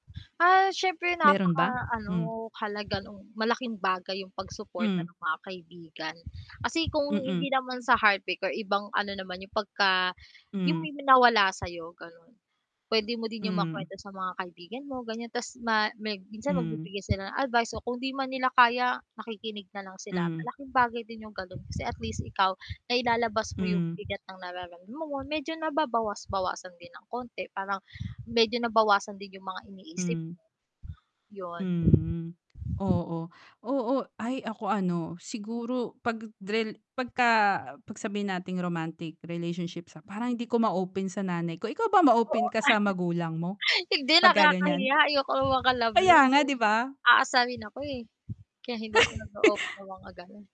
Ah, siyempre Meron ba? Hmm. napaka-ano, halaga no'n, malaking bagay 'yong pag-suporta Hmm. ng mga kaibigan, kasi kung Mm. hindi naman sa heartbreak or ibang ano naman, yung 'pag ka 'yung Hmm. may ma nawala sa'yo gano'n. P'wede mo din 'yong Hmm. makuwento sa mga kaibigan mo, ganiyan, 'tas ma meg minsan Hmm. magbibigay sila ng advice o kung 'di man nila kaya, nakikinig na lang sila. Hmm. Malaking bagay din 'yong gano'n, kasi at least ikaw, nailalabas mo 'yong Hmm. bigat ng nararam mo mo, medyo nababawas-bawasan din ng konti, parang medyo nabawasan din 'yong mga iniisip. Hmm. 'Yon. Mhm, oo. Oo, ay, ako ano, siguro 'pag drel pagka 'pag sabihin nating romantic relationships, ah, parang hindi ko ma-open sa nanay ko, ikaw ba ma-open Oo. ka sa magulang mo, Hindi, 'pag ka ganiyan? nakakahiya, ayaw ko na may mga Kaya kalove-love, nga, eh. 'di ba? Aasarin ako, eh. Kaya hindi ako nag-oopen ng mga gano'n.